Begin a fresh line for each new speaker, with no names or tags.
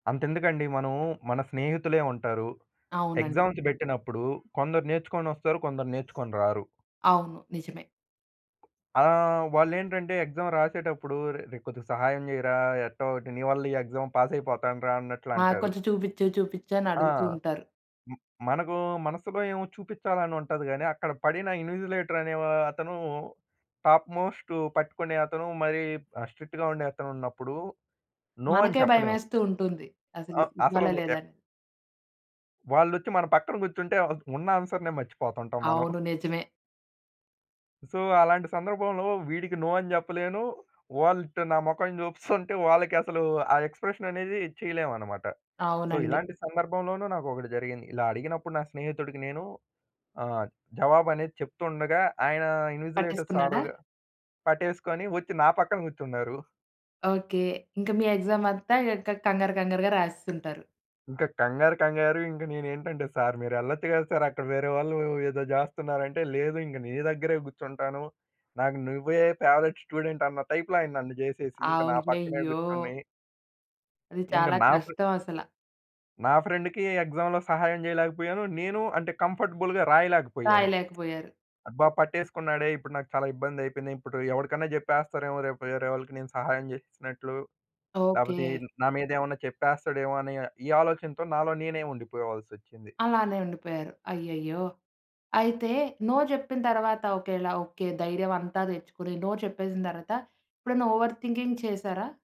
అంతెందుకండి, మనము మన స్నేహితులే ఉంటారు.
అవునండి.
ఎగ్జామ్స్ బెట్టినప్పుడు కొందరు నేర్చుకొనొస్తారు, కొందరు నేర్చుకొని రారు.
అవును. నిజమే.
ఆ! వాళ్లేంటంటే, ఎక్సామ్ రాసేటప్పుడు "రే, రే కొద్దిగా సహాయం చెయ్యిరా, ఎట్టో ఒటి నీ వల్ల ఈ ఎక్సామ్ పాస్ అయిపోతానురా" అన్నట్లు
ఆ!
అంటారు.
కొంచెం చూపిచ్చు చూపిచ్చని
ఆ!
అడుగుతూ ఉంటారు.
హ్మ్. మనకు మనసులో ఏమో చూపిచ్చాలనుంటది గాని, అక్కడ పడిన ఇన్విజిలేటర్ అనే వ అతను టాప్ మోస్ట్ పట్టుకునే అతను మరి, ఆ! స్ట్రిక్ట్‌గా ఉండే అతనున్నప్పుడు నో అని
మనకే భయం
చెప్పలేము.
వేస్తూ ఉంటుంది. అసలు
ఆ!
ఇవ్
అసలు
ఇవ్వాలా
ఏప్
లేదాని.
వాళ్లొచ్చి మన పక్కన కూర్చుంటే ఆహ్, ఉన్న ఆన్సర్‌నే మర్చిపోతుంటాం మనం.
అవును, నిజమే.
సో అలాంటి సందర్భంలో వీడికి నో అని జెప్పలేను. వాళ్ళిట్టు నా మొఖం చూపిస్తుంటే, వాళ్ళకసలు ఆ ఎక్స్‌ప్రెషన్ అనేది చేయలేమన్నమాట. సో
అవునండి.
ఇలాంటి సందర్భంలోను నాకొకటి జరిగింది. ఇలా అడిగినప్పుడు నా స్నేహితుడికి నేను ఆహ్, జవాబనేది చెప్తుండగా ఆయన ఇన్విజిలేటర్స్
పట్టేసుకున్నాడా?
ఆరోజు పట్టేసుకొని ఒచ్చి నా పక్కన గూర్చున్నారు.
ఓకే. ఇంకా మీ ఎక్సామ్ అంతా క్ కంగారు కంగారుగా రాసేసుంటారు.
ఇంకా కంగారు కంగారు, ఇంకా నేనేంటంటే సార్ మీరెళ్లొచ్చు గదా! సార్. అక్కడ వేరే వాళ్ళు ఏదో జేస్తున్నారంటే, "లేదు ఇంగ నీ దగ్గరే గూర్చుంటాను. నాకు నువ్వే ఫేవరైట్ స్టూడెంట్" అన్న టైప్‌లో ఆయన నన్ను జేసేసి ఇంక నా పక్కనే
అయ్యయ్యో!
గూర్చొని
అది
ఇంకా
చాలా
నా ఫ్రె
కష్టం అసల.
నా ఫ్రెండ్‌కి ఎక్సామ్‌లో సహాయం చేయలేకపోయాను. నేను అంటే కంఫర్టబుల్‌గా రాయలేకపోయాను.
రాయలేకపోయారు.
అబ్బా! పట్టేసుకున్నాడే ఇప్పుడు నాకు చాలా ఇబ్బందయిపోయింది. ఇప్పుడు ఎవరికైనా చెప్పేస్తారేమో రేపు వేరే వాళ్ళకి నేను సహాయం చేసినట్లు, లేకపోతే ఏ
ఓకే.
నా మీదేమన్న చెప్పేస్తాడేమో అని ఈ ఆలోచనతో నాలో నేనే ఉండిపోవాల్సోచ్చింది.
అలానే ఉండిపోయారు. అయ్యయ్యో! అయితే నో చెప్పిన తర్వాత ఒకేళ ఓకే ధైర్యం అంతా తెచ్చుకొని నో చెప్పేసిన తర్వాత, ఎప్పుడైనా ఓవర్ థింకింగ్ చేసారా?